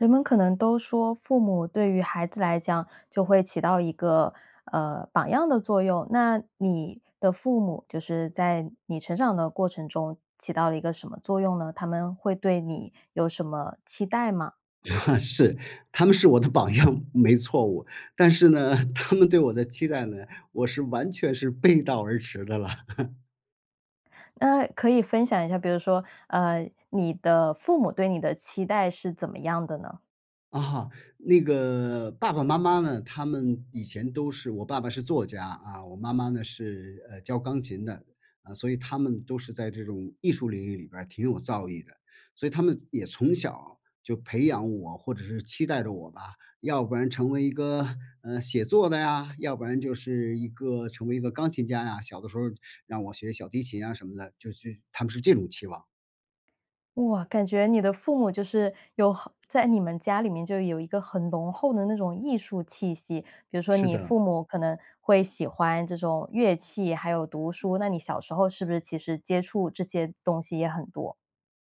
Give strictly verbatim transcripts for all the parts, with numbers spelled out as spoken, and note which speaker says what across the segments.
Speaker 1: 人们可能都说：“父母对于孩子来讲，就会起到一个，呃，榜样的作用。”那你的父母，就是在你成长的过程中，起到了一个什么作用呢？他们会对你有什么期待吗？
Speaker 2: 是，他们是我的榜样，没错误。但是呢，他们对我的期待呢，我是完全是背道而驰的了。
Speaker 1: 嗯，可以分享一下，比如说，呃，你的父母对你的期待是怎么样的呢？
Speaker 2: 啊，那个，爸爸妈妈呢，他们以前都是我爸爸是作家，啊，我妈妈呢，是，呃，教钢琴的。啊，所以他们都是在这种艺术领域里边儿挺有造诣的。所以他们也从小儿就培养我，或者是期待着我吧，要不然成为一个，嗯，写作的呀，要不然就是一个成为一个钢琴家呀，小的时候儿让我学小提琴啊什么的，就是他们是这种期望。
Speaker 1: 哇，感觉你的父母就是有好在你们家里面就有一个很浓厚的那种艺术气息，比如说
Speaker 2: 是
Speaker 1: 你
Speaker 2: 的。
Speaker 1: 父母可能会喜欢这种乐器，还有读书。那你小时候是不是其实接触这些东西也很多？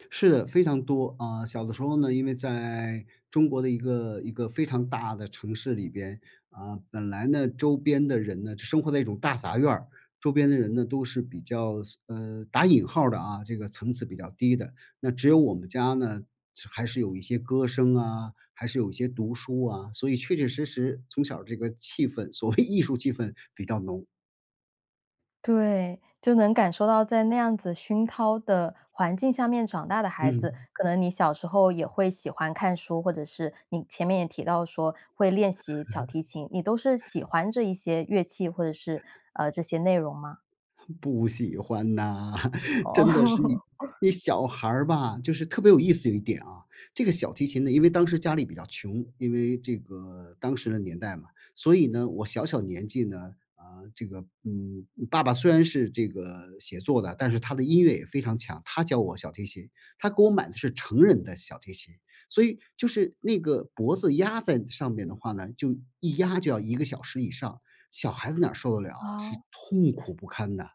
Speaker 2: 是的非常多啊，小的时候呢，因为在中国的一个一个非常大的城市里边，啊，本来呢，周边的人呢，是生活在一种大杂院儿，周边的人呢，都是比较，嘶，呃，打引号儿的啊，这个层次比较低的。那只有我们家呢，是还是有一些歌声啊，还是有一些读书啊，所以确确实实从小这个气氛，所谓艺术气氛比较浓。
Speaker 1: 对，就能感受到在那样子熏陶的环境下面长大的孩子，
Speaker 2: 嗯。
Speaker 1: 可能你小时候也会喜欢看书，或者是你前面也提到说会练习小 提琴，你都是喜欢这一些乐器或者是，呃，这些内容吗？
Speaker 2: 不喜欢呐，真的是，你
Speaker 1: 哦。
Speaker 2: 你小孩儿吧，就是特别有意思有一点啊，这个小提琴呢，因为当时家里比较穷，因为这个当时的年代嘛。所以呢，我小小年纪呢，啊，这个，嗯，爸爸虽然是这个写作的，但是他的音乐也非常强，他教我小提琴，他给我买的是成人的小提琴，所以就是那个脖子压在上面的话呢，就一压就要一个小时以上，小孩子哪儿受得了啊，是
Speaker 1: 哦。
Speaker 2: 痛苦不堪的。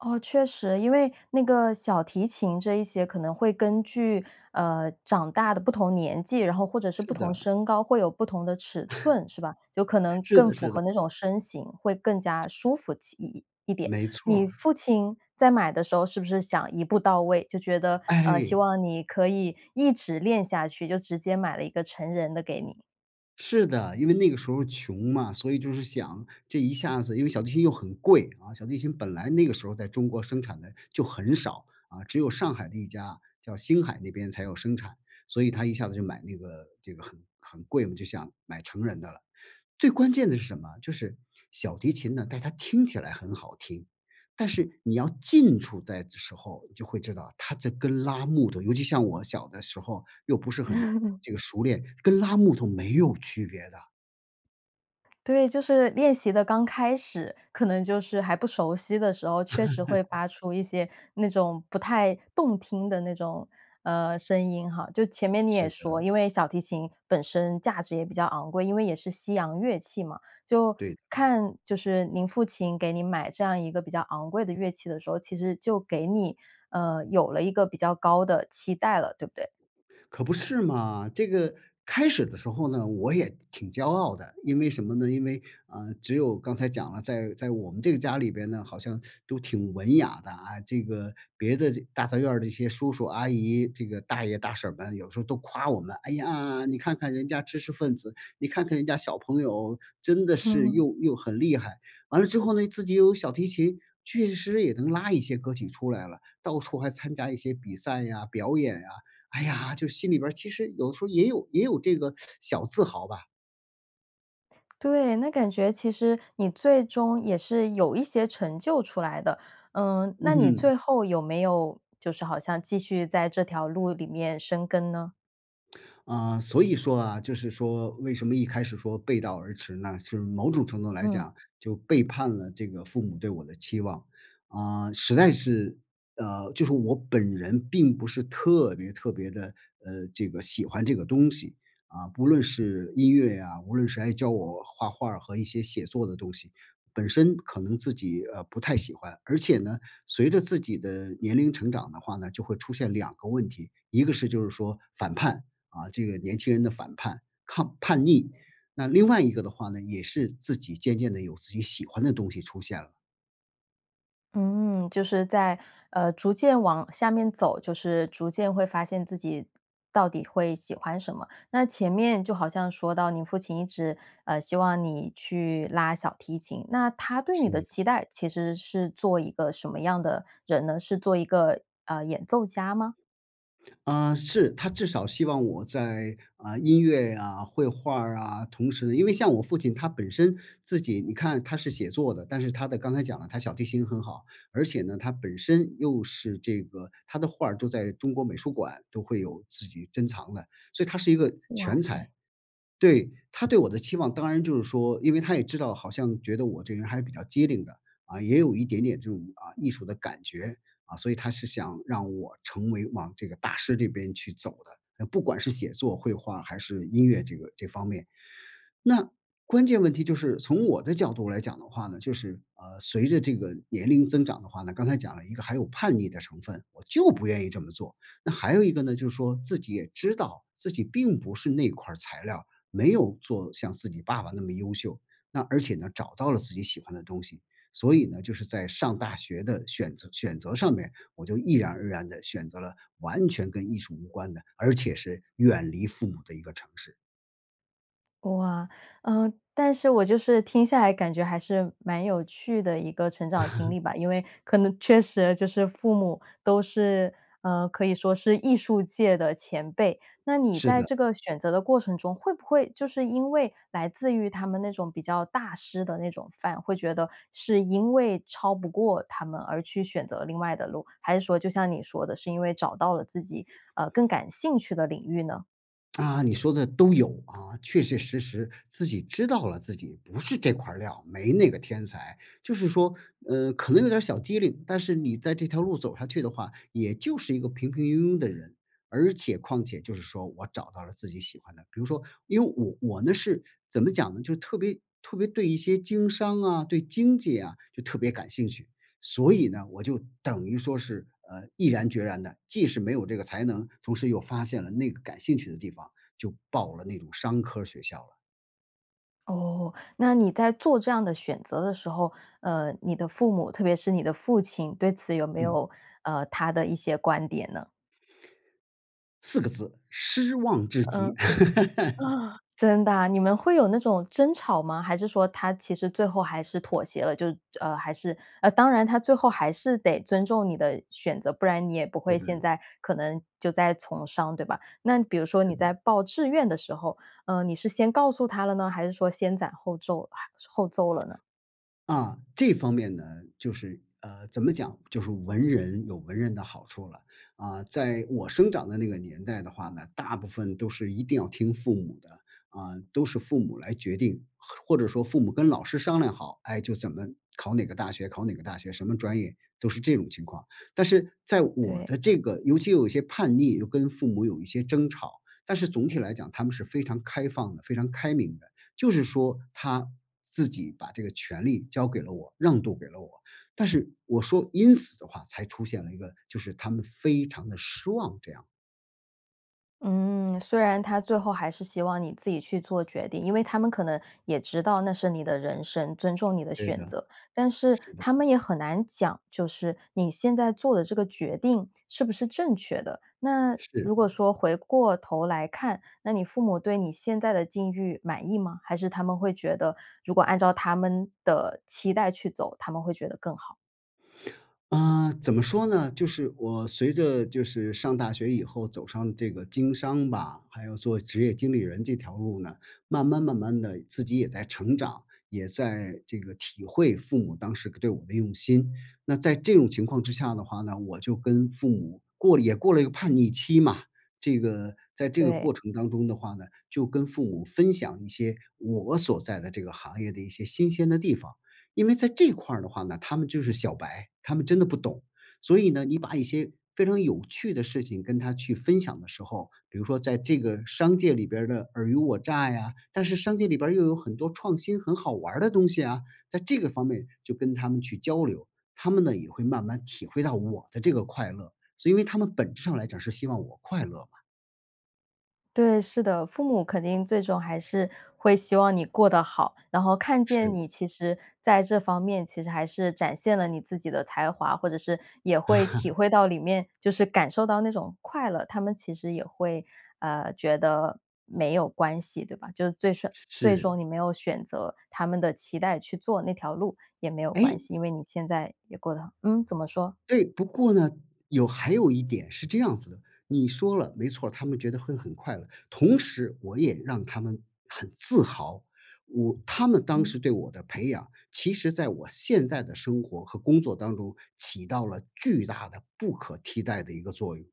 Speaker 1: 哦，确实。因为那个小提琴这一些可能会根据，呃，长大的不同年纪，然后或者是不
Speaker 2: 是
Speaker 1: 同
Speaker 2: 的。
Speaker 1: 身高，会有不同的尺寸，是吧？有可 能
Speaker 2: 是
Speaker 1: 更
Speaker 2: 的
Speaker 1: 符
Speaker 2: 是
Speaker 1: 合
Speaker 2: 的。
Speaker 1: 那种身形，会更加舒服起一一一点，
Speaker 2: 没错
Speaker 1: 你
Speaker 2: 儿。
Speaker 1: 父亲在买的时候，是不是想一步到位？就觉得，呃，希
Speaker 2: 哎。
Speaker 1: 望你可以一直练下去，就直接买了一个成人的给你。
Speaker 2: 是的，因为那个时候穷嘛，所以就是想，这一下子因为小提琴又很贵，啊，小提琴本来那个时候在中国生产的就很少。啊，只有上海的一家，叫星海那边才有生产，所以他一下子就买那个这个很很贵嘛，就想买成人的了。最关键的是什么？就是小提琴呢，大家听起来很好听，但是你要近处在的时候你就会知道它这跟拉木头，尤其像我小的时候又不是很 这个熟练，跟拉木头没有区别的。
Speaker 1: 对，就是练习的刚开始，可能就是还不熟悉的时候，确实会 发出一些那种不太动听的那种，呃，声音哈。就前面你也
Speaker 2: 是的。
Speaker 1: 说，因为小提琴本身价值也比较昂贵，因为也是西洋乐器嘛。就
Speaker 2: 对。
Speaker 1: 看，就是您父亲给您买这样一个比较昂贵的乐器的时候，其实就给你，呃，有了一个比较高的期待了，对不对？
Speaker 2: 可不是嘛，这个开始的时候呢，我也挺骄傲的，因为什么呢？因为，啊，只有刚才讲了，在在我们这个家里边呢，好像 都挺文雅的啊，这个别的这大杂院儿的一些叔叔阿姨，这个大爷大婶儿们有时候都夸我们：”哎呀，你看看人家知识分子，你看看人家小朋友真的是 又又很厉害。“完了之后呢，自己又有小提琴，确实也能拉一些歌曲出来了，到处还参加一些比赛呀、表演呀。哎呀，就心里边儿其实有时候也有也有这个 小自豪吧。
Speaker 1: 对那感觉其实你最终也是有一些成就出来的。嗯，那
Speaker 2: 嗯
Speaker 1: 你
Speaker 2: 哼。
Speaker 1: 最后有没有就是好像继续在这条路里面深耕呢？
Speaker 2: 啊，所以说啊，就是说为什么一开始说背道而驰呢，就是某种程度来
Speaker 1: 嗯。
Speaker 2: 讲就背叛了这个父母对我的期望。啊，实在是，呃，就是我本人并不是特别特别地，呃，这个喜欢这个东西，啊，不论是音乐呀，无论是还教我画画儿和一些写作的东西。本身可能自己，呃，不太喜欢，而且呢，随着自己的年龄成长的话呢，就会出现两个问题，一个是就是说反叛，啊，这个年轻人的反叛抗叛逆，那另外一个的话呢，也是自己渐渐地有自己喜欢的东西出现了。
Speaker 1: 嗯，就是在，呃，逐渐往下面走，就是逐渐会发现自己到底会喜欢什么。那前面就好像说到你父亲一直，呃，希望你去拉小提琴，那他对你的
Speaker 2: 是。
Speaker 1: 期待其实是做一个什么样的人呢？是做一个，呃，演奏家吗？
Speaker 2: 啊，是，他至少希望我在，啊，音乐呀、绘画儿啊，同时呢因为像我父亲他本身自己，你看他是写作的，但是他的刚才讲了他小提琴很好，而且呢，他本身又是这个，他的画儿都在中国美术馆都会有自己珍藏的，所以他是一个
Speaker 1: 哇
Speaker 2: 全
Speaker 1: 塞。
Speaker 2: 才。对，他对我的期望，当然就是说，因为他也知道，好像觉得我这人还是比较机灵的，啊，也有一点点这种，啊，艺术的感觉，啊，所以他是想让我成为往这个大师这边去走的，呃，不管是写作、绘画还是音乐这个这方面。那关键问题就是从我的角度来讲的话呢就是，呃，随着这个年龄增长的话呢，刚才讲了一个还有叛逆的成分。我就不愿意这么做，那还有一个呢，就是说自己也知道自己并不是那块儿材料，没有做像自己爸爸那么优秀，那而且呢找到了自己喜欢的东西。所以呢，就是在上大学的选择选择上面，我就毅然而然地选择了完全跟艺术无关的，而且是远离父母的一个城市。
Speaker 1: 哇，呃，但是我就是听下来，感觉还是蛮有趣的一个成长经 历吧。因为可能确实就是父母都是，呃，可以说是艺术界的前辈。那你
Speaker 2: 是
Speaker 1: 在
Speaker 2: 的。
Speaker 1: 这个选择的过程中，会不会就是因为来自于他们那种比较大师的那种范，会觉得是因为超不过他们，而去选择另外的路？还是说，就像你说的，是因为找到了自己，啊，更感兴趣的领域呢？
Speaker 2: 啊，你说的都有。啊，确确实实自己知道了，自己不是这块料儿，没那个天才。就是说，嗯，可能有点儿小机灵，但是你在这条路走下去的话，也就是一个平平庸庸的人。而且况且就是说，我找到了自己喜欢的，比如说，因为我我呢，是怎么讲呢？就特别特别对一些经商啊，对经济呀，就特别感兴趣。所以呢，我就等于说是，呃，毅然决然地既是没有这个才能，同时又发现了那个感兴趣的地方，就报了那种商科儿学校了。
Speaker 1: 哦，那你在做这样的选择的时候，呃，你的父母，特别是你的父亲，对此有没
Speaker 2: 嗯。
Speaker 1: 有，呃，他的一些观点呢？
Speaker 2: 四个字：失望至
Speaker 1: 嗯，
Speaker 2: 极。
Speaker 1: 啊，真的啊？你们会有那种争吵吗？还是说他其实最后还是妥协了？就是呃，还是呃，当然他最后还是得尊重你的选择，不然你也不
Speaker 2: 是
Speaker 1: 会现
Speaker 2: 的。
Speaker 1: 在可能就在从商，对吧？那比如说
Speaker 2: 是
Speaker 1: 你在
Speaker 2: 的。
Speaker 1: 报志愿的时候，呃，你是先告诉他了呢？还是说先攒后皱后奏了呢？
Speaker 2: 啊，这方面呢，就是，呃，怎么讲，就是文人有文人的好处了。啊，在我生长的那个年代的话呢，大部分都是一定要听父母的，啊，都是父母来决定。或或者说父母跟老师商量好，哎，就怎么考哪个大学考哪个大学，什么专业，都是这种情况。但是在我
Speaker 1: 对。
Speaker 2: 的这个尤其又有些叛逆，又跟父母有一些争吵，但是总体来讲他们是非常开放的，非常开明的。就是说，他自己把这个权利交给了我，让渡给了我，但是我说因此的话，才出现了一个就是他们非常地失望，这样。
Speaker 1: 嗯，虽然他最后还是希望你自己去做决定因为他们可能也知道那是你的人生，尊重你的
Speaker 2: 对
Speaker 1: 选
Speaker 2: 的。
Speaker 1: 择。但是
Speaker 2: 是的。
Speaker 1: 他们也很难讲，就是你现在做的这个决定，是不是正确的？那
Speaker 2: 是。
Speaker 1: 如果说回过头来看，那你父母对你现在的境遇满意吗？还是他们会觉得，如果按照他们的期待去走，他们会觉得更好？
Speaker 2: 嗯，怎么说呢？就是，我随着，就是，上大学以后走上这个经商吧，还有做职业经理人这条路呢，慢慢慢慢地自己也在成长，也在这个，体会父母当时个对我的用心。那在这种情况之下的话呢，我就跟父母过了也过了一个叛逆期嘛。这个，在这个
Speaker 1: 对。
Speaker 2: 过程当中的话呢，就跟父母分享一些，我所在的这个行业的一些新鲜的地方。因为在这块儿的话呢，他们就是小白，他们真的不懂，所以呢，你把一些非常有趣的事情，跟他去分享的时候，比如说在这个商界里边儿的尔虞我诈呀但是商界里边儿，又有很多创新、很好玩儿的东西啊。在这个方面就跟他们去交流，他们呢也会慢慢体会到我的这个快乐，所以因为他们本质上来讲是希望我快乐嘛。
Speaker 1: 对，是的，父母肯定最终还是会希望你过得好，然后看见
Speaker 2: 是。
Speaker 1: 你其实在这方面，其实还是展现了你自己的才华，或者是也会体 会到里面，就是感受到那种快乐，他们其实也会，呃，觉得没有关系，对吧？就是最顺最
Speaker 2: 是。
Speaker 1: 终你没有选择他们的期待去做那条路也没有关
Speaker 2: 诶。
Speaker 1: 系，因为你现在也过得很嗯，怎么说？
Speaker 2: 对，不过呢，有还有一点是这样子的。你说了，没错儿，他们觉得会很快乐，同时我也让他们很自豪。我他们当
Speaker 1: 嗯。
Speaker 2: 时对我的培养，其实在我现在的生活和工作当中起到了巨大的、不可替代的一个作用。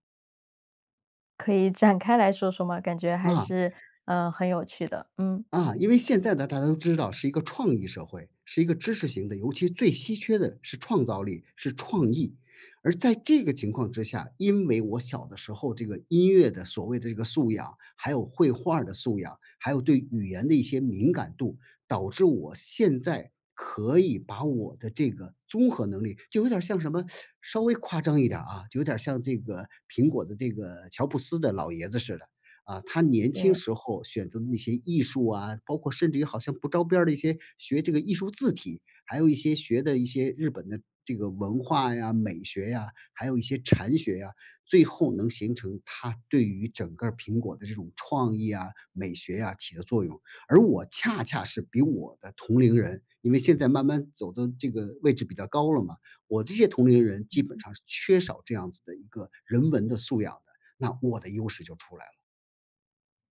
Speaker 1: 可以展开来说说吗？感觉还
Speaker 2: 啊。
Speaker 1: 是，呃，很有趣的。嗯。
Speaker 2: 啊，因为现在呢，大家都知道是一个创意社会，是一个知识型的，尤其最稀缺的是创造力、是创意。而在这个情况之下，因为我小的时候这个音乐的所谓的这个素养，还有绘画儿的素养，还有对语言的一些敏感度，导致我现在可以把我的这个综合能力就有点儿像什么，稍微夸张一点儿啊，就有点儿像这个苹果的这个乔布斯的老爷子似的。啊，他年轻
Speaker 1: 对。
Speaker 2: 时候选择那些艺术啊，包括甚至于好像不着边儿的一些，学这个艺术字体，还有一些学的一些日本的这个文化呀、美学呀，还有一些禅学啊，最后能形成他对于整个儿苹果的这种创意啊、美学啊，起的作用。而我恰恰是比我的同龄人因为现在慢慢走的这个位置比较高了嘛，我这些同龄人基本
Speaker 1: 嗯。
Speaker 2: 上是缺少这样子的一个人文的素养的，那我的优势就出来了。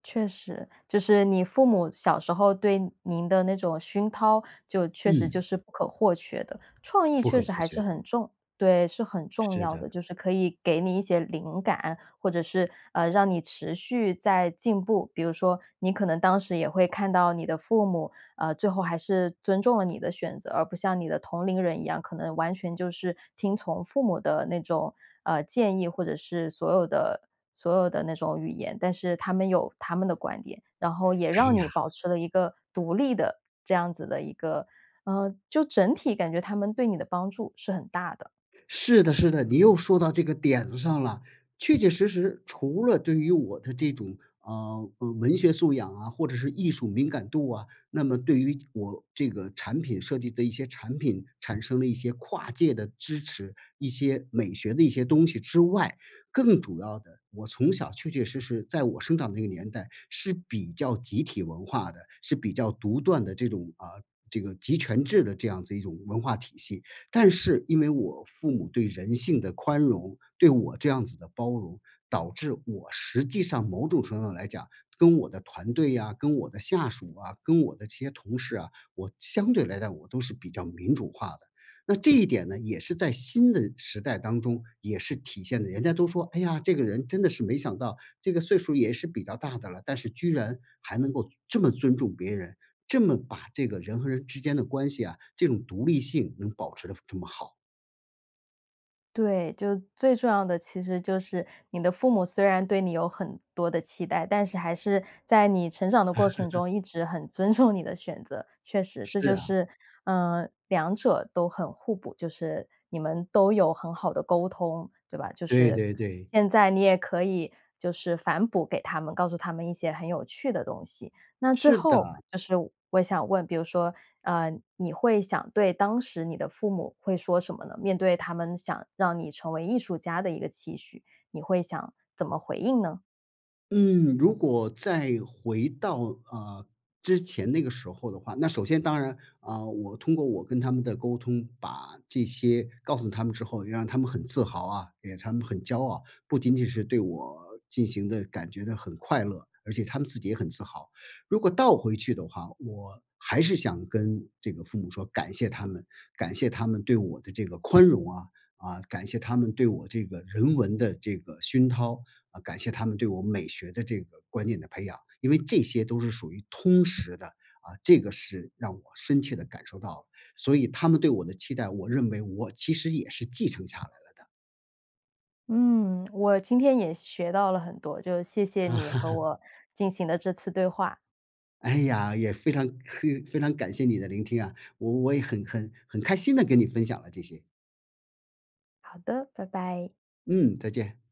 Speaker 1: 确实，就是你父母，小时候对您的那种熏陶，就确实就
Speaker 2: 嗯。
Speaker 1: 是不可或缺的。创意
Speaker 2: 不
Speaker 1: 确
Speaker 2: 可
Speaker 1: 实
Speaker 2: 或
Speaker 1: 还
Speaker 2: 缺
Speaker 1: 是
Speaker 2: 的。
Speaker 1: 很重对，是很重
Speaker 2: 是
Speaker 1: 要
Speaker 2: 的。
Speaker 1: 的，就是可以给你一些灵感，或者是，呃，让你持续在进步。比如说你可能当时也会看到你的父母，呃，最后还是尊重了你的选择，而不像你的同龄人一样，可能完全就是听从父母的那种，啊，建议，或者是所有的所有的那种语言。但是他们有他们的观点，然后也
Speaker 2: 哎
Speaker 1: 让你
Speaker 2: 呀。
Speaker 1: 保持了一个独立的，这样子的一个，呃就整体感觉他们对你的帮助是很大的。
Speaker 2: 是的是的，你又说到这个点子上啦！确确实实除了对于我的这种，啊，呃，文学素养啊，或者是艺术敏感度啊，那么对于我这个产品设计的一些产品，产生了一些跨界的支持，一些美学的一些东西之外。更主要的，我从小确确实实，在我生长那个年代，是比较集体文化的，是比较独断的这种，啊，这个集权制的这样子一种文化体系。但是因为我父母对人性的宽容，对我这样子的包容，导致我实际上，某种程度上来讲，跟我的团队啊、跟我的下属啊、跟我的这些同事啊，我相对来讲，我都是比较民主化的。那这一点呢，也是在新的时代当中也是体现得人家都说：“哎呀，这个人真的是没想到，这个岁数儿也是比较大的了，但是居然还能够尊这么尊重别人，这么把这个人和人之间的关系啊，这种独立性，能保持得非这么好。”
Speaker 1: 对，就最重要的其实就是你的父母虽然对你有很多的期待，但是还是在你成长的过程 中一直很尊重你的选择。确实，这
Speaker 2: 是
Speaker 1: 就
Speaker 2: 啊。
Speaker 1: 是，嗯，两者都很互补，就是你们都有很好的沟通，对吧？就
Speaker 2: 对
Speaker 1: 是，
Speaker 2: 对对。
Speaker 1: 现在你也可以，就是反哺给他们，告诉他们一些很有趣的东西。那最
Speaker 2: 是的。
Speaker 1: 后就是我想问，比如说，呃，你会想对当时你的父母会说什么呢？面对他们想让你成为艺术家的一个期许，你会想怎么回应呢？
Speaker 2: 嗯，如果再回到，呃，之前那个时候的话那首先当然，啊，我通过我跟他们的沟通，把这些告诉他们之后，让他们很自豪啊，也让他们很骄傲，不仅仅是对我进行的感觉得很快乐，而且他们自己也很自豪。如果倒回去的话，我还是想跟这个父母说，感谢他们，感谢他们对我的这个宽容啊，啊，感谢他们对我这个人文的这个熏陶，啊，感谢他们对我美学的这个观念的培养。因为这些都是属于通识的，啊，这个是让我深切地感受到了。所以他们对我的期待，我认为我其实也是继承下来了的。
Speaker 1: 嗯，我今天也学到了很多，就谢谢你和 我进行的这次对话。
Speaker 2: 哎呀，也非常 非常感谢你的聆听啊，我我也很很很开心地跟你分享了这些。
Speaker 1: 好的，拜拜。
Speaker 2: 嗯，再见。